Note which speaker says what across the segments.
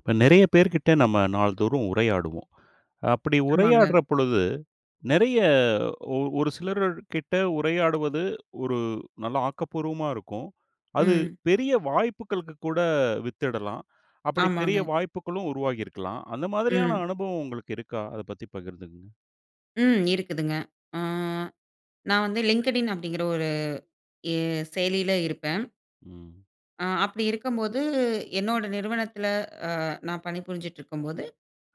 Speaker 1: இப்ப, நெறய பேர்கிட்ட நம்ம நாள்தோறும் உரையாடுவோம். அப்படி
Speaker 2: ஆமாங்க.
Speaker 1: உரையாடுற பொழுது நெறய ஒ ஒரு சிலர்க்கிட்ட உரையாடுவது, ஒரு நல்ல ஆக்கப்பூர்வமா இருக்கும். அது
Speaker 2: ம்.
Speaker 1: பெரிய வாய்ப்புக்களுக்கு கூட வித்திடலாம். அப்படி பெரிய
Speaker 2: ஆமாங்க.
Speaker 1: வாய்ப்புக்களும் உருவாகியிருக்கலாம். அந்த மாதிரியான
Speaker 2: ம்.
Speaker 1: அனுபவம், உங்களுக்கு இருக்கா? அத பத்தி பகிர்ந்துக்கங்க.
Speaker 2: ம், இருக்குதுங்க. அ நான் வந்து Linkedin அப்பிடிங்கிற, ஒரு ஏ செயலில இருப்பேன்.
Speaker 1: ம்.
Speaker 2: ஆ. அப்படி இருக்கும்போது என்னோட நிறுவனத்துல, அ, நான் பணிபுரிஞ்சிட்ருக்கும் போது,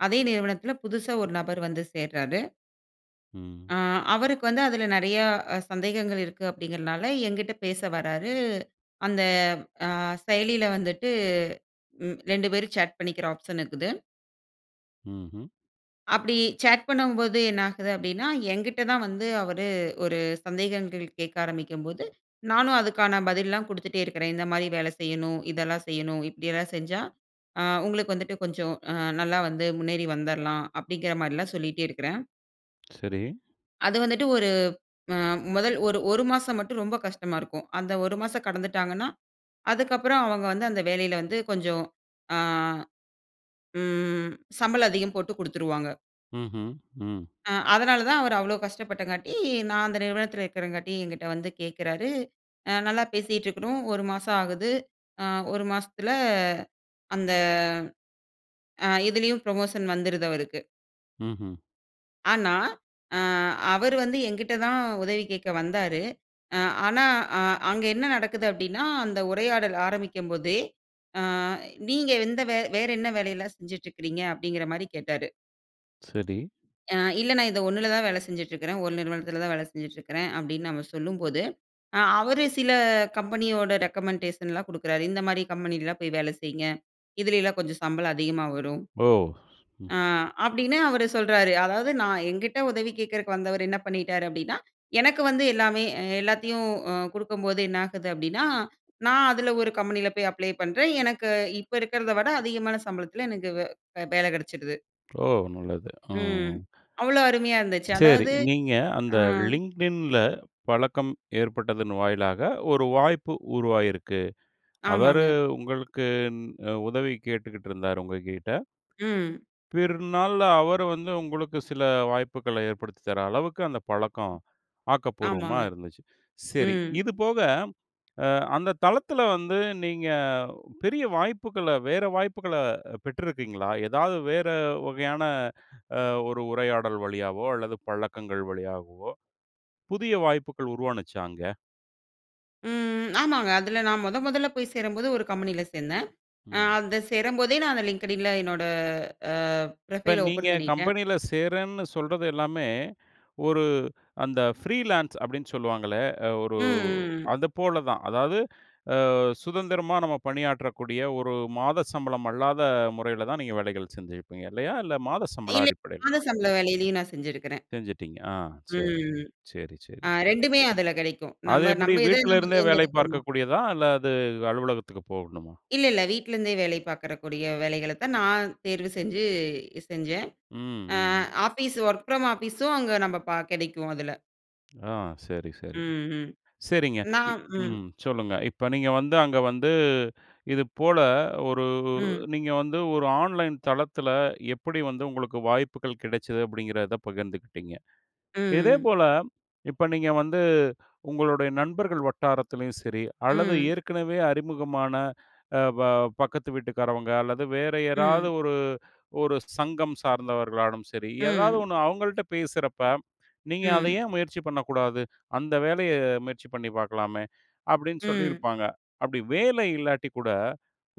Speaker 2: அதே நிறுவனத்துல புதுசா ஒரு நபர் வந்து சேர்றாரு.
Speaker 1: ம்.
Speaker 2: அ. அவருக்கு வந்து அதுல நெறயா அ. சந்தேகங்கள் இருக்கு, அப்படிங்கிறனால என்கிட்ட பேச வராரு. அந்த அ. செயலில வந்துட்டு ம் 2 பேரும் சேட் பண்ணிக்கிற ஆப்ஷன் இருக்குது.
Speaker 1: ம்ஹ்ம்.
Speaker 2: அப்படி சேட் பண்ணும்போது என்ன ஆகுது? அப்படின்னா, என்கிட்ட தான் வந்து அவரு ஒரு சந்தேகங்கள் கேட்க ஆரம்பிக்கும்போது, நானும் அதுக்கான பதில்லலாம் குடுத்துட்டே இருக்கறேன், இந்தமாரி வேலை செய்யணும், இதெல்லாம் செய்யணும். இப்படியெல்லாம் செஞ்சா அ. உங்களுக்கு வந்துட்டு கொஞ்சம் அ. நல்லா வந்து முன்னேறி வந்துர்லாம். அப்படிங்கிறமாரிலாம் சொல்லிட்டே இருக்கறேன்.
Speaker 1: சரி.
Speaker 2: அது வந்துட்டு, ஒரு அ முதல் ஒரு, 1 மாசம் மட்டும் ரொம்ப கஷ்டமா இருக்கும். அந்த 1 மாசம் கடந்துட்டாங்கன்னா, அதுக்கு அப்பறம் அவுங்க வந்து அந்த வேலையில வந்து கொஞ்சம், ஆ, ம் சம்பளம் அதிகம் போட்டு குடுத்துருவாங்க.
Speaker 1: ம்ஹ்ம், ம்.
Speaker 2: அ அதனால தான், அவரு அவ்ளோ கஷ்டப்பட்டங்காட்டி, நான் அந்த நிறுவனத்தில இருக்கிறங்காட்டி, என்கிட்ட வந்து கேட்குறாரு. அ நல்லா பேசிட்டு இருக்கறோம். 1 மாசம் ஆகுது. அ 1 மாசத்துல அந்த ஆ இதிலேயும் புரமோஷன் வந்துருது, அவருக்கு.
Speaker 1: ம்ஹ்ம்.
Speaker 2: ஆனா, அ அவரு வந்து எங்கிட்ட தான் உதவி கேட்க வந்தாரு. அ ஆனா, அ அங்க என்ன நடக்குது அப்பிடினா, அந்த உரையாடல் ஆரம்பிக்கும் போதே, ஆ நீங்க எந்த, வே வேற என்ன வேலை எல்லாம் செஞ்சிட்டுருக்குறீங்க? அப்பிடிங்கிறமாரி கேட்டாரு.
Speaker 1: சரி.
Speaker 2: அ, இல்ல. நான் இது 1ல தான் வேலை செஞ்சுட்டு இருக்கிறேன். ஒரு நிறுவனத்தில தான வேலை செஞ்சுட்டு இருக்கிறேன் அப்பிடின்னு நம்ம சொல்லும்போது, அ அவரு சில கம்பெனியோட ரெக்கமெண்டேஷன்லாம் குடுக்கிறாரு. இந்தமாரி கம்பெனிலலாம் போய் வேலை செய்யுங்க. இதில எல்லாம் கொஞ்சம் சம்பளம் அதிகமா வரும்.
Speaker 1: ஓ!
Speaker 2: அ, அப்பிடின்னு அவரு சொல்றாரு. அதாவது நான் என்கிட்ட உதவி கேட்கிறக்கு வந்தவரு என்ன பண்ணிட்டாரு? அப்பிடின்னா, எனக்கு வந்து எல்லாமே அ எல்லாத்தையும் அ குடுக்கும்போது என்ன ஆகுது? அப்பிடின்னா, நான் அதில ஒரு கம்பெனியில போய் அப்ளை பண்றேன். எனக்கு இப்ப இருக்கிறத விட அதிகமான சம்பளத்தில, எனக்கு வே வேலை கிடைச்சுடுது.
Speaker 1: ஓ! நல்லது. ஆ.
Speaker 2: ம். அவ்ளோ அருமையா இருந்துச்சு.
Speaker 1: சேரி.
Speaker 2: அதாவது,
Speaker 1: நீங்க, அந்த
Speaker 2: ஆ.
Speaker 1: Linkedinல பழக்கம் ஏற்பட்டதன் வாயிலாக ஒரு வாய்ப்பு உருவாகியிருக்கு. அவரு
Speaker 2: ஆமாங்க.
Speaker 1: உங்களுக்கு இந் அ உதவி கேட்டுக்கிட்டு இருந்தாரு, உங்ககிட்ட.
Speaker 2: ம்.
Speaker 1: பிறநாள்ல அவர வந்து உங்களுக்கு சில வாய்ப்புகள ஏற்படுத்தி தர அளவுக்கு அந்த பழக்கம், ஆக்கப்பூர்வமா
Speaker 2: ஆமாங்க,
Speaker 1: இருந்துச்சு. சரி.
Speaker 2: ம்.
Speaker 1: இதுபோக அ அந்த தளத்தில வந்து, நீங்க பெரிய வாய்ப்புகள வேற வாய்ப்புகள பெற்றிருக்கீங்களா? ஏதாவது வேற வகையான அ ஒரு உரையாடல் வழியாவோ அல்லது பழக்கங்கள் வழியாகவோ புதிய வாய்ப்புகள் உருவாச்சா அங்க?
Speaker 2: ம், ம். ஆமாங்க. அதில நான் மொத மொதல்ல போய் சேரும்போது, ஒரு கம்பெனியில சேர்ந்தேன். அ
Speaker 1: ம்.
Speaker 2: அத சேரும்போதே நான் அந்த Linkedinல என்னோட, அ
Speaker 1: இப்ப,
Speaker 2: ப்ரொஃபைல்
Speaker 1: நீங்க
Speaker 2: ஓப்பன் பண்ணிட்டேன்.
Speaker 1: கம்பெனில சேர்றேன்னு சொல்றது எல்லாமே, ஒரு அந்த ஃபிரீலான்ஸ் அப்பிடின்னு சொல்லுவாங்களே! அ ஒரு
Speaker 2: ம், ம், ம்.
Speaker 1: அதுபோல தான். அதாவது அ சுதந்திரமா நம்ம பணியாற்றக்கூடிய ஒரு மாத சம்பளம் அல்லாத முறையில தான், நீங்க வேலைகள் செஞ்சுருப்பீங்க இல்லயா! இல்ல, மாத சம்பளம்
Speaker 2: இல்ல.
Speaker 1: அடிப்படையிலயா?
Speaker 2: மாத சம்பளம் வேலையிலேயும் நான் செஞ்சிருக்கிறேன்.
Speaker 1: செஞ்சுட்டீங்க. ஆ, சரி.
Speaker 2: ம்.
Speaker 1: சரி,
Speaker 2: ஆ
Speaker 1: சரி.
Speaker 2: 2மே அதில கிடைக்கும்.
Speaker 1: அது
Speaker 2: நம்ம
Speaker 1: எப்பிடி,
Speaker 2: நம்ம எத
Speaker 1: வீட்டுல
Speaker 2: நம்ம
Speaker 1: இருந்தே வேலை
Speaker 2: தேர்ந்தெடுக்கிறோமோ!
Speaker 1: பார்க்க கூடியதா? அல்லது அலுவலகத்துக்கு போகணுமா?
Speaker 2: இல்ல, இல்ல. வீட்ல இருந்தே வேலை பார்க்கிற கூடிய வேலைகள தான், நான் தேர்வு செஞ்சு, செஞ்சேன்.
Speaker 1: ம்,
Speaker 2: அ
Speaker 1: ம்.
Speaker 2: ஆஃபீஸ் வொர்க் ஃப்ரம் ஆஃபிஸூ ம் அங்க நம்ப ப கிடைக்கும் அதில.
Speaker 1: ஆ, சரி, சரி.
Speaker 2: ம், ம்.
Speaker 1: சரிங்க. இப்
Speaker 2: நாம் ம்.
Speaker 1: ம். சொல்லுங்க. இப்ப நீங்க வந்து, அங்க வந்து, இதுபோல ஒரு
Speaker 2: ம்.
Speaker 1: நீங்க வந்து, ஒரு ஆன்லைன் தளத்தில எப்படி வந்து உங்களுக்கு வாய்ப்புகள் கிடைச்சது அப்பிடிங்கிறத பகிர்ந்துக்கிட்டீங்க.
Speaker 2: ம், ம்.
Speaker 1: இதேபோல இப்ப நீங்க வந்து உங்களுடைய நண்பர்கள் வட்டாரத்திலும் சரி, அல்லது
Speaker 2: ம்.
Speaker 1: ஏற்கனவே அறிமுகமான அ, ப பக்கத்து வீட்டுக்காரவங்க அல்லது வேற யாராவது
Speaker 2: ம்.
Speaker 1: ஒரு, ஒரு சங்கம் சார்ந்தவர்களானாலும் சரி ஏதாவது
Speaker 2: ம்.
Speaker 1: 1 அவுங்கள்ட பேசுறப்ப, நீங்க அத
Speaker 2: ம்.
Speaker 1: ஏன் முயற்சி பண்ணக்கூடாது? அந்த வேலைய முயற்சி பண்ணி பார்க்கலாமே! அப்பிடீன்னு
Speaker 2: ம்.
Speaker 1: சொல்லியிருப்பாங்க. அப்படி வேலை இல்லாட்டி கூட,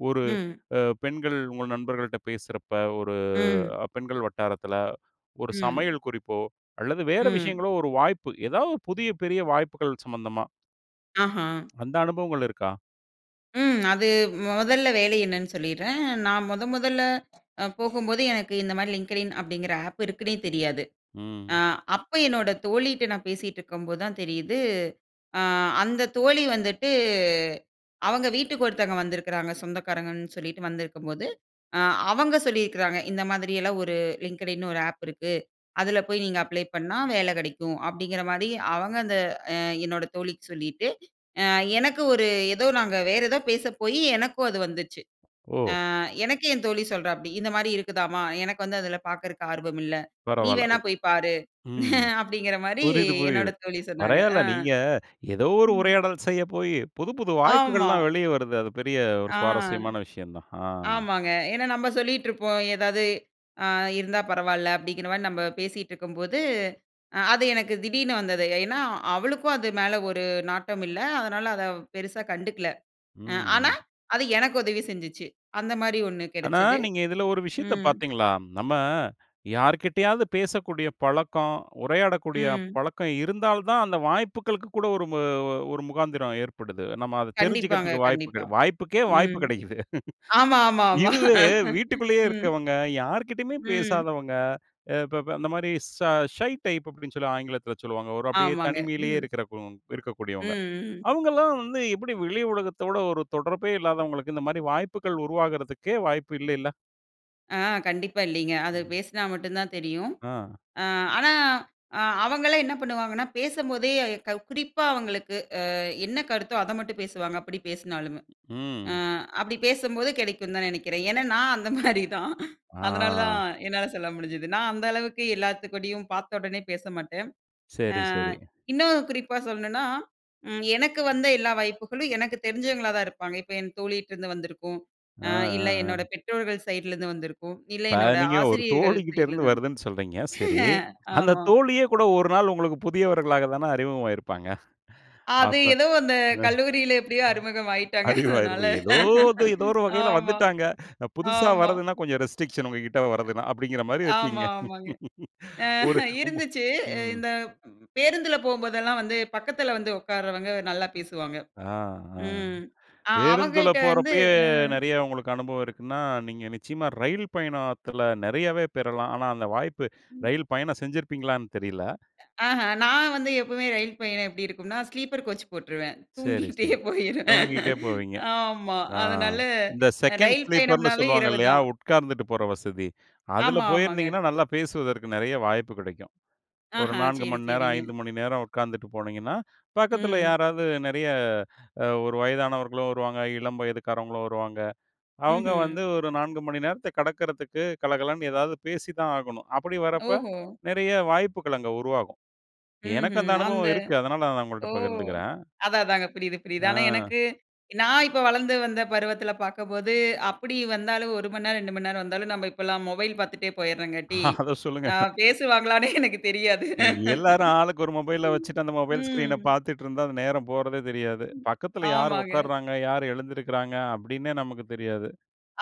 Speaker 1: ஒரு
Speaker 2: ம்.
Speaker 1: அ, பெண்கள் உங்க நண்பர்கள்ட பேசுறப்ப, ஒரு
Speaker 2: ம்.
Speaker 1: பெண்கள் வட்டாரத்தில, ஒரு
Speaker 2: ம்.
Speaker 1: சமையல் குறிப்போ அல்லது வேறு
Speaker 2: ம்.
Speaker 1: விஷயங்களோ ஒரு வாய்ப்பு. ஏதா புதிய பெரிய வாய்ப்புகள் சம்பந்தமா.
Speaker 2: ஆஹம்!
Speaker 1: அந்த அனுபவங்கள் இருக்கா?
Speaker 2: ம். அது, மொதல்ல வேலை என்னன்னு சொல்லிட்றேன். நான் மொத மொதல்ல அ போகும்போது, எனக்கு இந்தமாரி Linkedin அப்பிடிங்கிற ஆப் இருக்குன்னே, தெரியாது. அ,
Speaker 1: ம்.
Speaker 2: அப்ப என்னோட தோழிட்ட நான் பேசிட்டுருக்கும்போது தான் தெரியுது, அ. அந்த தோழி வந்துட்டு, அவங்க வீட்டுக்கு ஒருத்தவங்க வந்திருக்கிறாங்க, சொந்தக்காரங்கன்னு சொல்லிட்டு வந்திருக்கும்போது, அ. அவங்க சொல்லியிருக்கிறாங்க. இந்த மாதிரியெல்லாம் ஒரு Linkedin ன்னு ஒரு ஆப் இருக்கு. அதில போய் நீங்க அப்ளை பண்ணா வேல கெடைக்கும். அப்பிடிங்கிறமாரி அவங்க அந்த, அ என்னோட தோழிக்கு சொல்லிட்டு, எனக்கு ஒரு ஏதோ நாங்க, வேற ஏதோ பேச போயி, எனக்கும் அது வந்துச்சு.
Speaker 1: ஓ!
Speaker 2: ஆ எனக்கே என் தோழி சொல்றாப்பிடி, இந்தமாரி இருக்குதாம்மா! எனக்கு வந்து அதில பாக்குறதுக்கு ஆர்வம் இல்ல. நீ
Speaker 1: பரவால்ல
Speaker 2: வேணா
Speaker 1: ஒ
Speaker 2: போய் பாரு!
Speaker 1: ம்,
Speaker 2: அப்பிடிங்கிறமாரி,
Speaker 1: புரியுது,
Speaker 2: என்னோட
Speaker 1: புரியுது.
Speaker 2: தோழி சொன்னாங்க.
Speaker 1: பரவால்ல
Speaker 2: அ,
Speaker 1: நீங்க, ஏதோ ஒரு
Speaker 2: ம்.
Speaker 1: உரையாடல் செய்ய போயி, புது புது
Speaker 2: ஆமா.
Speaker 1: வாய்ப்புகள்லாம் வெளியே வருது. அது பெரிய ஒரு
Speaker 2: ஆ.
Speaker 1: சுவாரஸ்யமான விஷயம் தான். அ.
Speaker 2: ஆமாங்க. ஏன்னா நம்ம சொல்லிட்டு இருப்போம். ஏதாவது ,அ. இருந்தா பரவால்ல. அப்பிடிங்கிறமாரி நம்ம பேசிட்டுருக்கும்போது, அ. அது எனக்கு திடீர்னு வந்தது. ஏன்னா, அவளுக்கும் அது மேல ஒரு நாட்டம் இல்ல. அதனால, அத அவ பெருசா கண்டுக்கல. அ
Speaker 1: ம்,
Speaker 2: ஆனா,
Speaker 1: ம்.
Speaker 2: அது எனக்கு உதவி செஞ்சுச்சு. அந்தமாரி ஒண்ணு
Speaker 1: ஆனா,
Speaker 2: கிடைச்சது.
Speaker 1: நீங்க இதுல ஒரு விஷயத்த
Speaker 2: ம்.
Speaker 1: பார்த்தீங்களா? நம்ம யார்க்கிட்டயாது பேசக்கூடிய பழக்கம். உரையாடக்கூடிய
Speaker 2: ம்.
Speaker 1: பழக்கம் இருந்தால் தான், அந்த வாய்ப்புகளுக்கு கூட, ஒரு மு ஒரு முகாந்திரம் ஏற்படுது. நம்ம அத
Speaker 2: கண்டிப்பாங்க,
Speaker 1: தெரிஞ்சுகிறதுக்கு வாய்ப்புக்
Speaker 2: கண்டிப்பா.
Speaker 1: வாய்ப்புக்கே வாய்ப்பு
Speaker 2: ம்,
Speaker 1: கெடைக்குது
Speaker 2: ஆமா, ஆமா, ஆமா
Speaker 1: இதுவே வீட்டுக்குள்ளேயே
Speaker 2: ம்.
Speaker 1: இருக்கவங்க, யார்க்கிட்டயுமே
Speaker 2: ம்.
Speaker 1: பேசாதவங்க. ஏ ப ப அந்த மாரி சா ஷை டைப் அப்பிடின்னு சொல்லி ஆங்கிலத்தில சொல்லுவாங்க. ஒரு அப்பிடியே
Speaker 2: ஆமாங்க.
Speaker 1: தனிமையிலேயே
Speaker 2: ம்,
Speaker 1: இருக்கிறக்கு இருக்கக்கூடியவங்க.
Speaker 2: ம், ம்.
Speaker 1: அவுங்கள்லாம் வந்து எப்படி வெளி உலகத்தோட ஒரு தொடர்பே இல்லாதவங்களுக்கு இந்தமாரி வாய்ப்புகள் உருவாகிறதுக்கே வாய்ப்பு இல்லேல்ல!
Speaker 2: அ கண்டிப்பா இல்லைங்க. அது
Speaker 1: ம்.
Speaker 2: பேசினா மட்டும்தான் தெரியும்.
Speaker 1: ஆ.
Speaker 2: அ ஆனா அ அவங்களே என்ன பண்ணுவாங்கன்னா பேசும் போதே குறிப்பா அவங்களுக்கு அ என்ன கருத்தோ அத மட்டும் பேசுவாங்க, அப்படிப் பேசினாலுமே. அ
Speaker 1: ம்.
Speaker 2: அப்படிப் பேசும்போது கெடைக்கும்ன்னு தான் நினைக்கிறேன். ஏன்னா நான் அந்த மாரிதான். அதனாலதான்
Speaker 1: ஆ.
Speaker 2: என்னால சொல்ல முடிஞ்சது. நான் அந்த அளவுக்கு எல்லாத்துக்கூடயும் பார்த்தவுடனே பேசமாட்டேன். அ
Speaker 1: சரி, சரி.
Speaker 2: இன்னும் குறிப்பா சொல்லணும்னா, ம் எனக்கு வந்த எல்லா வாய்ப்புகளும் எனக்குத் தெரிஞ்சவங்களாதான் இருப்பாங்க. இப்ப என் தோழிட்ட இருந்து வந்திருக்கும்,
Speaker 1: அ,
Speaker 2: அ இல்ல
Speaker 1: அ,
Speaker 2: என்னோட
Speaker 1: அ.
Speaker 2: பெற்றோர்கள் சைடுல இருந்து வந்திருக்கும். அ இல்ல
Speaker 1: இப்ப
Speaker 2: என்னோட
Speaker 1: நீங்க ஒரு
Speaker 2: ஆசிரியர்கள்
Speaker 1: தோழிகிட்ட
Speaker 2: சைடுல
Speaker 1: இருந்து
Speaker 2: இருந்து வந்திருக்கும்.
Speaker 1: வருதுன்னு சொல்றீங்க, சரி. அந்தத்
Speaker 2: ஆமா.
Speaker 1: தோழியே கூட ஒரு நாள் உங்களுக்குப் புதியவர்களாகத்தான அறிமுகமாயிருப்பாங்க?
Speaker 2: அது
Speaker 1: அப்ப
Speaker 2: ஏதோ அந்த
Speaker 1: அ,
Speaker 2: கல்லூரியில எப்டியோ அறிமுகம் ஆய்ட்டாங்க. அதனால
Speaker 1: ஏதோ இது ஏதோ ஒரு வகையில
Speaker 2: ஆமா,
Speaker 1: வந்துட்டாங்க. புதுசா
Speaker 2: ஆமா.
Speaker 1: வர்றதுன்னா கொஞ்சம் ரெஸ்ட்ரிக்ஷன் உங்ககிட்ட வர்றதுன்னா அப்டிங்கற மாரி இருக்கீங்க.
Speaker 2: ஆமா, ஆமாங்க. அ
Speaker 1: ஒரு உங்
Speaker 2: இருந்துச்சு,
Speaker 1: ம்.
Speaker 2: இந்த ப் பேருந்துல போகும்போதெல்லாம் வந்து பக்கத்துல வந்து உட்காரவங்க நல்லா பேசுவாங்க.
Speaker 1: அ அ.
Speaker 2: ம் அ
Speaker 1: பேருந்துல
Speaker 2: அவங்கள்ட்ட வந்து
Speaker 1: போறப்பயே
Speaker 2: ஆஹ்.
Speaker 1: நெறைய உங்களுக்கு அனுபவம் இருக்குன்னா, நீங்க நிச்சயமா ரயில் பயணத்துல நெறையவே பெறலாம். ஆனா, அந்த வாய்ப்பு
Speaker 2: ம்.
Speaker 1: ரயில் பயணம் செஞ்சிருப்பீங்களான்னு தெரியல.
Speaker 2: ஆஹா! நான் வந்து எப்பவுமே ரயில் பயணம் எப்டி இருக்கும்ன்னா, ஸ்லீப்பர் கோச் போட்ருவேன்.
Speaker 1: சரி,
Speaker 2: தூங்கிகிட்டே
Speaker 1: சரி.
Speaker 2: போயிருவேன்.
Speaker 1: தூங்கிட்டே போவீங்க.
Speaker 2: ஆமா.
Speaker 1: ஆ
Speaker 2: அதனால
Speaker 1: இந்த செகண்ட்
Speaker 2: ரயில்
Speaker 1: ஸ்லீப்பர்னு
Speaker 2: பயணம்ன்னாவே
Speaker 1: சொல்வாங்க இல்லையா?
Speaker 2: இரவுதான்.
Speaker 1: உட்கார்ந்துட்டுப் போற வசதி, அதுல
Speaker 2: ஆமா, ஆமாங்க.
Speaker 1: போயிருந்தீங்கன்னா நல்லா பேசுவதற்கு நெறைய வாய்ப்பு கிடைக்கும். ஒரு
Speaker 2: ஆஹா.
Speaker 1: 4
Speaker 2: சரி,
Speaker 1: மணி நேரம்,
Speaker 2: சரிங்க.
Speaker 1: 5 மணி நேரம் உட்கார்ந்துட்டுப் போனீங்கன்னா, பக்கத்துல
Speaker 2: ம்.
Speaker 1: யாராவது நெறைய ஒரு வயதானவர்களும் வருவாங்க, இளம் வயதுக்காரங்களும் வருவாங்க. அவங்க வந்து
Speaker 2: ம்ஹ்ம்.
Speaker 1: ஒரு 4 மணி நேரத்தக் கடக்குறதுக்குக் கலகலன்னு ஏதாவது பேசித்தான் ஆகணும். அப்படி வர்றப்ப,
Speaker 2: ஓஹோ!
Speaker 1: நெறைய வாய்ப்புகள் அங்க உருவாகும். எனக்கு அந்த
Speaker 2: ம்ஹ்ம். அந்த
Speaker 1: அனுபவம் இருக்கு, அதனால நான் உங்கள்ட்ட
Speaker 2: ஓ!
Speaker 1: பகிர்ந்துக்கிறேன்.
Speaker 2: அததாங்க புரியுது, புரியுது. ஆனா
Speaker 1: ஆ.
Speaker 2: எனக்கு நான் இப்ப வளர்ந்து வந்த பருவத்துல பார்க்கும்போது, அப்படி வந்தாலும் 1 மணிநேரம், 2 மணிநேரம் வந்தாலும் நம்ம இப்பலாம் மொபைல் பார்த்துட்டே போயிடுறோங்காட்டி,
Speaker 1: அத சொல்லுங்க.
Speaker 2: அ பேசுவாங்களானே எனக்குத் தெரியாது.
Speaker 1: எல்லாரும் ஆளுக்கு ஒரு மொபைல வச்சுட்டு அந்த மொபைல்
Speaker 2: ம்.
Speaker 1: ஸ்கிரீனப் பார்த்துட்டு இருந்தா அந்த நேரம் போறதே தெரியாது.
Speaker 2: ம்
Speaker 1: பக்கத்துல யார்
Speaker 2: ஆமாங்க.
Speaker 1: ஒட்காருறாங்க, யார் எழுந்திருக்கிறாங்க அப்படீன்னே நமக்குத் தெரியாது.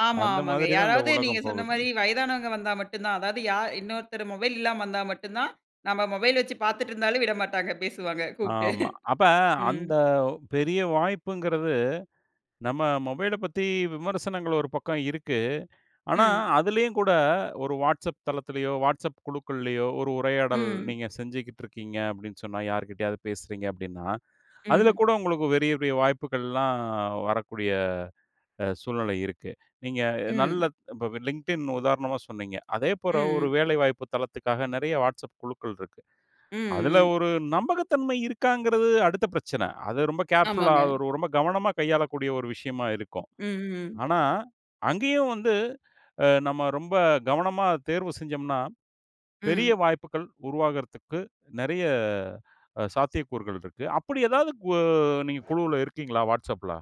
Speaker 2: ஆமா,
Speaker 1: அந்த
Speaker 2: ஆமாங்க.
Speaker 1: மாதிரிதான் இந்த
Speaker 2: யாராவது நீங்க
Speaker 1: உலகம்
Speaker 2: சொன்ன
Speaker 1: போகுது.
Speaker 2: மாரி வயதானவங்க வந்தா மட்டும் தான், அதாவது யா இன்னொருத்தர், மொபைல் இல்லாம வந்தா மட்டும் தான், நம்ம மொபைல் வச்சுப் பார்த்துட்ருந்தாலும் விடமாட்டாங்க, பேசுவாங்க கூப்ட்டு.
Speaker 1: ஆமா. அப்ப
Speaker 2: ம்.
Speaker 1: அந்தப் பெரிய வாய்ப்புங்கறது நம்ம மொபைலப் பத்தி விமர்சனங்கள் ஒரு பக்கம் இருக்கு. ஆனா
Speaker 2: ம்.
Speaker 1: அதுலயும் கூட ஒரு WhatsApp தளத்துலயோ, WhatsApp குழுக்கள்லயோ ஒரு உரையாடல்
Speaker 2: ம்.
Speaker 1: நீங்க செஞ்சுகிட்ருக்கீங்க அப்டின்னு சொன்னா யாருகிட்டயாவது பேசுறீங்க அப்டின்னா, அதுல
Speaker 2: ம்.
Speaker 1: கூட உங்களுக்குப் பெரிய பெரிய வாய்ப்புகள்லாம் வரக்கூடிய அ சூழ்நிலை இருக்கு. நீங்க
Speaker 2: ம்.
Speaker 1: நல்ல இப்ப LinkedIn உதாரணமா சொன்னீங்க. அதே போற ஒரு
Speaker 2: ம்.
Speaker 1: வேலை வாய்ப்புத் தளத்துக்காக றைய WhatsApp குழுக்கள் இருக்கு.
Speaker 2: ம்,
Speaker 1: அதுல
Speaker 2: ம்.
Speaker 1: ஒரு நம்பகத்தன்மை இருக்காங்கறது அடுத்த பிரச்சன, அது ரொம்ப கேர்ஃபுல்லா,
Speaker 2: ஆமாங்க.
Speaker 1: அது ஒரு ரொம்ப கவனமா கையாளக்கூடிய ஒரு விஷயமா இருக்கும்.
Speaker 2: ம், ம்.
Speaker 1: ஆனா, அங்கேயும் வந்து அ நம்ம ரொம்ப கவனமாத் தேர்வு செஞ்சோம்னா, பெரிய
Speaker 2: ம்.
Speaker 1: வாய்ப்புகள் உருவாகுறதுக்கு நெறைய அ சாத்தியக்கூறுகள் இருக்கு. அப்டி எதாவது கு நீங்க குழுல இருக்கீங்களா? WhatsAppல?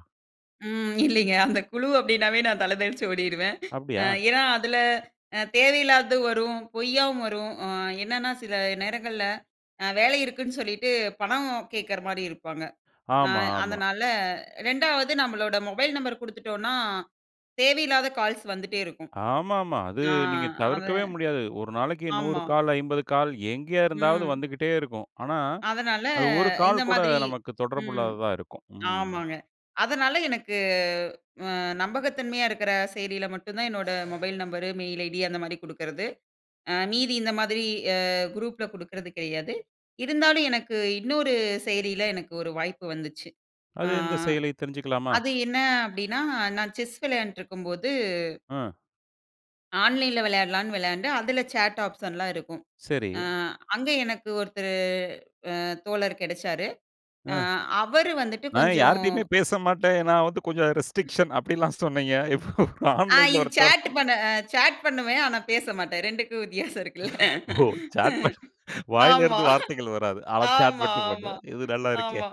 Speaker 2: ம், இல்லீங்க. அந்த குழு அப்படின்னாவே, நான் தல தெறிச்சு ஓடிருவேன். அ,
Speaker 1: அப்டியா?
Speaker 2: ஏன்னா, அதில அ தேவையில்லாததும் வரும். பொய்யாவும் வரும். அ, என்னனா சில நேரங்கள்ல அ வேல இருக்குன்னு சொல்லிட்டு, பணம் கேட்கிற மாரி இருப்பாங்க. அ
Speaker 1: ஆமா, ஆமா.
Speaker 2: அதனால 2வது நம்மளோட மொபைல் நம்பரு குடுத்துட்டோன்னா, தேவையில்லாத கால்ஸ் வந்துட்டே இருக்கும்.
Speaker 1: ஆமாமா, அது
Speaker 2: ஆ,
Speaker 1: நீங்க,
Speaker 2: அது
Speaker 1: தவிர்க்கவே முடியாது. ஒரு நாளைக்கு 100
Speaker 2: ஆமா.
Speaker 1: கால், 50 கால் எங்கே இருந்தாவது
Speaker 2: ம்.
Speaker 1: வந்துகிட்டே இருக்கும். ஆனா,
Speaker 2: அதனால,
Speaker 1: அது 1
Speaker 2: இந்த
Speaker 1: கால் கூட,
Speaker 2: மாதிரி
Speaker 1: நமக்கு தொடர்பு
Speaker 2: ம்
Speaker 1: இல்லாததா இருக்கும். ம்.
Speaker 2: ஆமாங்க, அதனால எனக்கு, அ, நம்பகத்தன்மையா இருக்கிற செயலில மட்டும் தான் என்னோட மொபைல் நம்பரு, மெயில் ஐடி அந்த மாரி குடுக்குறது. அ மீதி இந்த மாதிரி அ, குரூப்ல குடுக்குறது கெடையாது. இருந்தாலும், எனக்கு இன்னொரு செயலியில எனக்கு ஒரு வாய்ப்பு வந்துச்சு. அ
Speaker 1: அது எந்த செயலி? தெரிஞ்சுக்கலாமா?
Speaker 2: அது என்ன அப்டின்னா, நான் செஸ் விளையாண்டுட்டுருக்கும்போது
Speaker 1: அ.
Speaker 2: ஆன்லைன் ல வெளயாடலானு வெளயாண்டேன், அதில சேட் ஆப்ஷன்லாம் இருக்கும்.
Speaker 1: செரி.
Speaker 2: அ, அங்க எனக்கு ஒருத்தரு, அ தோலர் கெடச்சாரு.
Speaker 1: ஆ,
Speaker 2: அ அவரு வந்துட்டு
Speaker 1: நான்
Speaker 2: கொஞ்ஜோம்
Speaker 1: யாரிட்டியுமே பேச மாட்டேன். நான் வந்து கொஞ்ஜோம் ரெஸ்ட்ரிக்க்ஷன் அப்டின்லாம் சொன்னீங்க. இப்ப
Speaker 2: ஆ,
Speaker 1: ஆன்லைன்ல
Speaker 2: இது
Speaker 1: ஒருத்தர்.
Speaker 2: சாட் பண்ண சாட் பண்ணுவேன். ஆனா, பேச மாட்டேன். 2க்கும் வித்தியாசோம் இருக்குல்ல.
Speaker 1: ஓ! சாட் மட்டும். வாயில
Speaker 2: ஆமா,
Speaker 1: இருந்து வார்த்தைகள் வராது. ஆனா, சாட்
Speaker 2: ஆமா,
Speaker 1: மட்டும்
Speaker 2: ஆமா,
Speaker 1: பண்ணுவேன். இது நல்லா இருக்கே!
Speaker 2: ஆமா.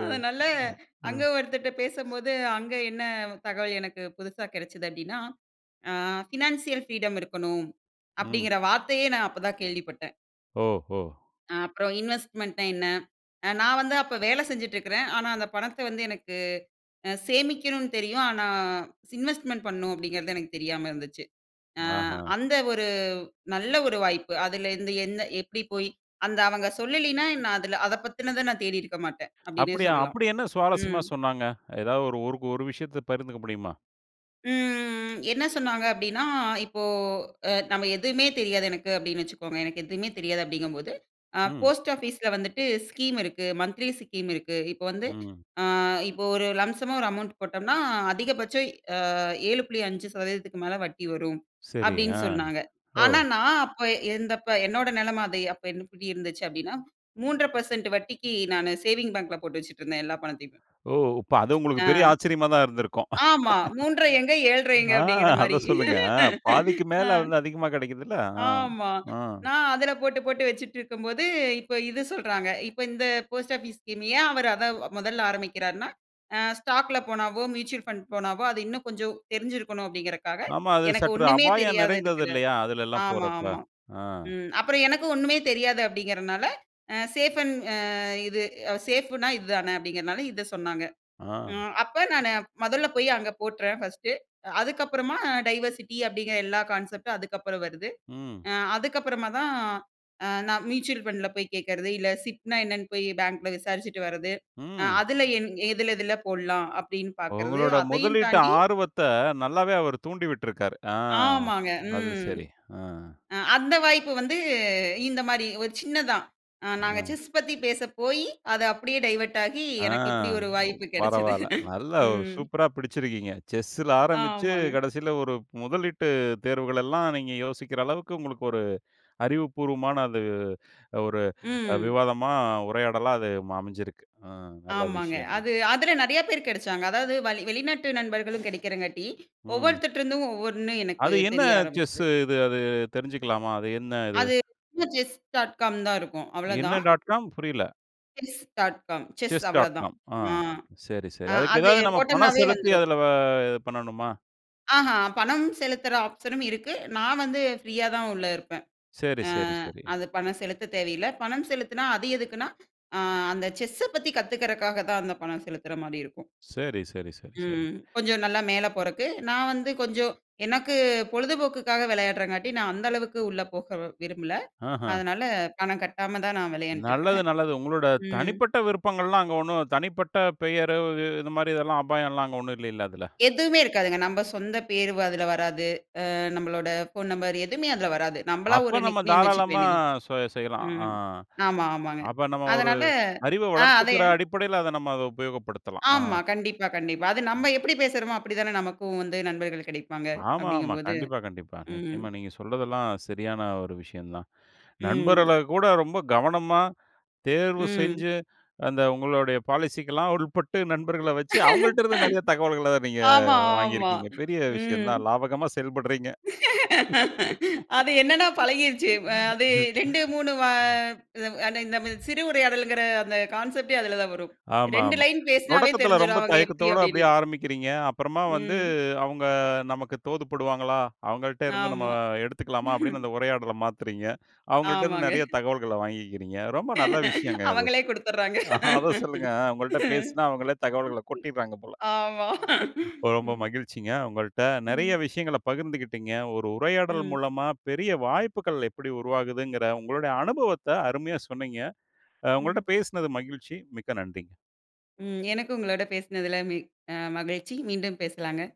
Speaker 1: அ,
Speaker 2: அதனால, அங்க
Speaker 1: ம்.
Speaker 2: ஒருத்தர்கிட்ட பேசும்போது, அங்க என்ன தகவல் எனக்கு புதுசா கெடைச்சது? அப்டின்னா, ஆ பினான்சியல் ஃப்ரீடம் இருக்கணும்.
Speaker 1: ம்.
Speaker 2: அப்படிங்கிற வார்த்தையே நான், அப்ப தான் கேள்விப்பட்டேன்.
Speaker 1: ஓஹோ!
Speaker 2: அ-அப்பறம் இன்வெஸ்ட்மென்ட் ன்னா என்ன? அ-நான் வந்து அப்போ வேலை செஞ்சுட்ருக்குறேன், ஆனா, அந்த பணத்தை வந்து எனக்கு அ-சேமிக்கணும்ன்னு தெரியும். ஆனா, இன்வெஸ்ட்மென்ட் பண்ணனும் அப்படீங்கிறது எனக்கு தெரியாம இருந்துச்சு. அ
Speaker 1: அப்படியா!
Speaker 2: அந்த ஒரு நல்ல ஒரு வாய்ப்பு. அதுலருந்து என்ன? எப்படி போய் அந்த அவங்க சொல்லலீன்னா, நான் அதுல அத பத்தினத நான் தேடியிருக்க மாட்டேன். அப்படீன்னே சொல்லலாம்.
Speaker 1: அப்படி என்ன சுவாரசியமா
Speaker 2: ம்.
Speaker 1: சொன்னாங்க? எதாவது ஒரு ஒரு விஷயத்தைப் பகிர்ந்துக்க முடியுமா?
Speaker 2: ம், ம், ம். "என்ன சொன்னாங்க?" அப்படீன்னா, இப்போ அ நம்ம "எதுவுமே தெரியாது எனக்கு." அப்படீன்னு வெச்சுகோங்க. "எனக்கு எதுவுமே தெரியாது." அப்படீங்கும்போது, "அ
Speaker 1: ம்.
Speaker 2: post office ல வந்துட்டு ஸ்கீம் இருக்கு, மன்த்லி ஸ்கீம் இருக்கு."இப்ப வந்து
Speaker 1: ம்.
Speaker 2: அ இப்போ ஒரு லம்ப்சம்மா ஒரு அமௌன்ட் போட்டோம் ன்னா அதிகபட்சம் அ 7.5%க்கு மேல வட்டி வரும்,
Speaker 1: சரி,
Speaker 2: அப்படீன்னு
Speaker 1: ஆ.
Speaker 2: சொன்னாங்க.
Speaker 1: ஓ!
Speaker 2: ஆனா நான் அப்போ இருந்தப்போ என்னோட நிலைமை, அது அப்போ எப்படி இருந்துச்சு? அப்படீன்னா, 3 1/2 % வட்டிக்கு நான் சேவிங் பேங்க்ல போட்டு வச்சுட்டுருந்தேன் எல்லா பணத்தையுமே.
Speaker 1: ஓ! அப்போ அது உங்களுக்கு
Speaker 2: அ
Speaker 1: பெரிய ஆச்சரியமா தான் இருந்துருக்கும்.
Speaker 2: ஆமா, 3 1/2 எங்கே? 7 1/2 எங்கே?
Speaker 1: ஆ
Speaker 2: அப்படீங்கிற மாதிரி.
Speaker 1: அதை சொல்லுங்க. ஆ பாதிக்கு மேல வந்து அதிகமா கிடைக்குது இல்ல?
Speaker 2: ஆமா.
Speaker 1: அ
Speaker 2: நான் அதுல போட்டு, போட்டு வச்சிட்டிருக்கும் போது, இப்போ இது சொல்றாங்க. இப்போ இந்த post office ஸ்கீம் ஏன் அவர் அதை முதலில் ஆரம்பிக்கிறார்ன்னா, "அ ஸ்டாக் ல போனாவோ, மியூச்சுவல் ஃபண்ட் போனாவோ, அது இன்னும் கொஞ்சம் தெரிஞ்சிருக்கணும்." அப்படீங்கறக்காக,
Speaker 1: ஆமா. அது
Speaker 2: எனக்கு
Speaker 1: சற்று
Speaker 2: ஒண்ணுமே
Speaker 1: அபாயம்
Speaker 2: தெரியாத
Speaker 1: நிறைந்தது
Speaker 2: இருக்குற
Speaker 1: இல்லையா? அதுலல்லாம்
Speaker 2: ஆமா,
Speaker 1: போறப்ப.
Speaker 2: ஆமா.
Speaker 1: ஆ.
Speaker 2: ம். "அப்பறம் எனக்கும் ஒண்ணுமே தெரியாது." அப்படீங்கறனால, அ சேஃப் அண்ட் அ இது "சேஃப் ன்னா இது தான." அப்டிங்கறதுனால இதை சொன்னாங்க. அ
Speaker 1: ஆ.
Speaker 2: அப்ப நான் முதலில் போய் அங்க போட்டுறேன் ஃபர்ஸ்ட்டு அதுக்கப்புறமா டைவர்சிட்டி அப்படீங்கற எல்லா கான்செப்ட் அதுக்கப்பறம் வருது.
Speaker 1: ம்.
Speaker 2: அ-அதுக்கப்பறமா தான் அ நான் மியூச்சுவல் ஃபண்ட்ல போய் கேட்கிறது. இல்லை, சிப் ன்னா என்னன்னு போய் bank ல விசாரிச்சுட்டு வருகிறது,
Speaker 1: ம்.
Speaker 2: "அ-அதுல என் எதுல எதுல போடலாம்?" அப்படீன்னு பார்க்கிறது.
Speaker 1: உங்களோட
Speaker 2: அதையும்
Speaker 1: முதலீட்டு
Speaker 2: தாண்டி
Speaker 1: ஆர்வத்தை நல்லாவே அவர் தூண்டி விட்டுருக்காரு. ஆ
Speaker 2: ஆமாங்க.
Speaker 1: அது
Speaker 2: ம்.
Speaker 1: சரி. ஆ.
Speaker 2: அ அந்த வாய்ப்பு வந்து, இந்த மாதிரி ஒரு சின்னதுதான். அ நாங்க
Speaker 1: அ.
Speaker 2: chess பத்தி பேசப்போயி, அது அப்படியே டைவர்ட் ஆகி,
Speaker 1: அ.
Speaker 2: எனக்கு இப்படி ஒரு
Speaker 1: ஒ
Speaker 2: வாய்ப்பு கிடைச்சது.
Speaker 1: பரவாயில்லை. நல்லா ஒரு
Speaker 2: ம்.
Speaker 1: சூப்பரா பிடிச்சிருக்கீங்க. chess ல ஆரம்பித்து,
Speaker 2: ஆமாங்க.
Speaker 1: கடைசியில ஒரு முதலீட்டு தேர்வுகளெல்லாம் நீங்க யோசிக்கிற அளவுக்கு உங்களுக்கு ஒரு அறிவுப்பூர்வமான அது ஒரு
Speaker 2: ம்.
Speaker 1: விவாதமா, உரையாடலா அது அமைந்திருக்கு. அ நல்ல
Speaker 2: ஆமாங்க.
Speaker 1: விஷயம் தான்.
Speaker 2: அது அதுல நிறைய பேர் கிடைத்தார்கள். அதாவது வளி வெளிநாட்டு நண்பர்களும் கிடைக்கிறதால்,
Speaker 1: ம்.
Speaker 2: ஒவ்வொருவர்கிட்டேயிருந்தும் ஒவ்வொன்று எனக்கு
Speaker 1: அது என்ன
Speaker 2: தெரிய
Speaker 1: chess
Speaker 2: ஆரம்பித்தது.
Speaker 1: இது? அது தெரிஞ்சுக்கலாமா? அது என்ன இது?
Speaker 2: அது [unintelligible] "CHESS dot com" தான் இருக்கும், அவ்வளோ
Speaker 1: என்ன
Speaker 2: தான்.
Speaker 1: Dot com? புரியவில்லை.
Speaker 2: "CHESS.com. "செஸ் அவ்வளவுதான்.
Speaker 1: "CHESS.com" ஆ,
Speaker 2: ஆ,
Speaker 1: சரி, சரி.
Speaker 2: அ,
Speaker 1: அதுக்கு
Speaker 2: அது
Speaker 1: எதாவது நம்ம பணம்
Speaker 2: போட்டம்னாவே
Speaker 1: செலுத்தி
Speaker 2: வந்துரும்
Speaker 1: அதுல வ இது பண்ணணுமா?
Speaker 2: ஆஹா! பணம் செலுத்துற ஆப்ஷனும் இருக்கு. நான் வந்து ஃப்ரீயாதான் உள்ள இருப்பேன்.
Speaker 1: சரி,
Speaker 2: அ,
Speaker 1: சரி, சரி.
Speaker 2: அது பணம் செலுத்த தேவையில்ல. பணம் செலுத்துனா அது எதுக்குன்னா, அ, அந்த செஸ் பத்தி கத்துக்கிறக்காகத்தான் அந்த பணம் செலுத்துறமாதிரிருக்கும்.
Speaker 1: சரி, சரி, சரி, சரி.
Speaker 2: ம். கொஞ்சம் நல்லா மேல போறதுக்கு நான் வந்து, கொஞ்சம் எனக்கு பொழுதுபோக்குக்காக விளையாடுறதுக்காக, நான் அந்த அளவுக்கு உள்ளே போக விரும்பல.
Speaker 1: ஆஹா!
Speaker 2: அதனால பணம் கட்டாம தான் நான் விளையாண்டுட்டு
Speaker 1: நல்லது,
Speaker 2: இருக்கிறேன்.
Speaker 1: நல்லது. உங்களோட
Speaker 2: ம்.
Speaker 1: தனிப்பட்ட விருப்பங்கள்லாம், அங்க ஒண்ணும் தனிப்பட்ட பெயரு உ இது மாதிரி எல்லாம் அபாயம் எல்லாம் அங்க ஒண்ணும் இல்லையில அதுல.
Speaker 2: எதுவுமே இருக்காதுங்க. நம்ம சொந்த பேரு வ அதுல வராது. அ நம்மளோட ஃபோன் நம்பர் எதுவுமே அதுல வராது. நம்மளா
Speaker 1: அப்ப
Speaker 2: ஒரு
Speaker 1: நம்ம
Speaker 2: நிக் நேம் வைத்துக்க
Speaker 1: தாராளமா
Speaker 2: வேண்டியதுதான்.
Speaker 1: ஸோ செ செய்யலாம். ஆ.
Speaker 2: ம். ஆமா, ஆமாங்க.
Speaker 1: அப்ப நம்ம ஒரு
Speaker 2: அதனால
Speaker 1: அறிவை
Speaker 2: ஆ அதே
Speaker 1: வளர்த்துக்கிற அடிப்படையில அத நம்ம அதைப் பயன்படுத்தலாம். ஆ.
Speaker 2: ஆமா. கண்டிப்பா, கண்டிப்பா. அது
Speaker 1: ம்.
Speaker 2: நம்ம எப்படி பேசுறோமோ, அப்படித்தானே நமக்கும் வந்து நண்பர்கள் கிடைப்பாங்க
Speaker 1: ஆமா, ஆமா.
Speaker 2: அப்படிங்கும்போது
Speaker 1: கண்டிப்பா, கண்டிப்பா.
Speaker 2: ம்.
Speaker 1: நிச்சயமா. நீங்க சொல்றதெல்லாம் சரியான ஒரு விஷயம்தான்.
Speaker 2: ம்.
Speaker 1: நண்பர்களைக் கூட ரொம்ப கவனமா தேர்வு
Speaker 2: ம்.
Speaker 1: செஞ்சு, அந்த உங்களோட பாலிசி க்கெல்லாம் உட்பட்டு, நண்பர்களை வச்சு அவங்கள்ட்ட இருந்து நிறைய தகவல்களை நீங்க
Speaker 2: ஆமா, ஆமா,
Speaker 1: வாங்கியிருக்கீங்க. பெரிய
Speaker 2: ம்.
Speaker 1: விஷயம்தான். லாபகரமா செயல்பட்றீங்க.
Speaker 2: அது என்னன்னா? பழகிருச்சு. அ அது 2, 3 வ அ அந்த இது. [unintelligible] நம்ம சிறு உரையாடல்ங்கிற அந்த கான்செப்ட்டே அதுலதான் வரும்.
Speaker 1: ஆமா,
Speaker 2: 2
Speaker 1: ஆமா.
Speaker 2: லைன் பேசுனாவே
Speaker 1: தொடக்கத்துல ரொம்ப
Speaker 2: தெரிஞ்சுரும் அவங்க எப்படி,
Speaker 1: தயக்கத்தோட
Speaker 2: அப்படின்னு.
Speaker 1: அப்படியே ஆரம்பிக்கிறீங்க. அப்புறமா வந்து
Speaker 2: ம்.
Speaker 1: அவங்க நமக்கு தோதுப்படுவாங்களா? அவங்கள்ட்ட இருந்து நம்ம
Speaker 2: ஆமா.
Speaker 1: எடுத்துக்கலாமா? அப்படின்னு அந்த உரையாடலை மாத்துறீங்க. அவங்கள்ட்ட இருந்து
Speaker 2: ஆமாங்க.
Speaker 1: நிறைய தகவல்களை வாங்கிக்கிறீங்க. ரொம்ப நல்ல விஷயங்க இது.
Speaker 2: அவங்களே குடுத்துர்றாங்க
Speaker 1: அத சொல்லுங்க. அ உங்கள்ட்ட பேசினா அவங்களே தகவல்களை கொட்டிடுறாங்க போல.
Speaker 2: ஆமா
Speaker 1: ரொம்ப
Speaker 2: ம்.
Speaker 1: மகிழ்ச்சிங்க. உங்கள்ட்ட நிறைய
Speaker 2: ம்.
Speaker 1: விஷயங்களை பகிர்ந்துக்கிட்டீங்க. ஒரு உரையாடல்
Speaker 2: ம்.
Speaker 1: மூலமா பெரிய வாய்ப்புகள் எப்படி உருவாகுதுங்கிற உங்களுடைய அனுபவத்தை அருமையா சொன்னீங்க. அ உங்கள்ட்ட
Speaker 2: ம்.
Speaker 1: பேசினது மகிழ்ச்சி. மிக்க நன்றிங்க.
Speaker 2: ம். எனக்கும் உங்களோட பேசுனதுல மி மகிழ்ச்சி. மீண்டும் பேசலாங்க.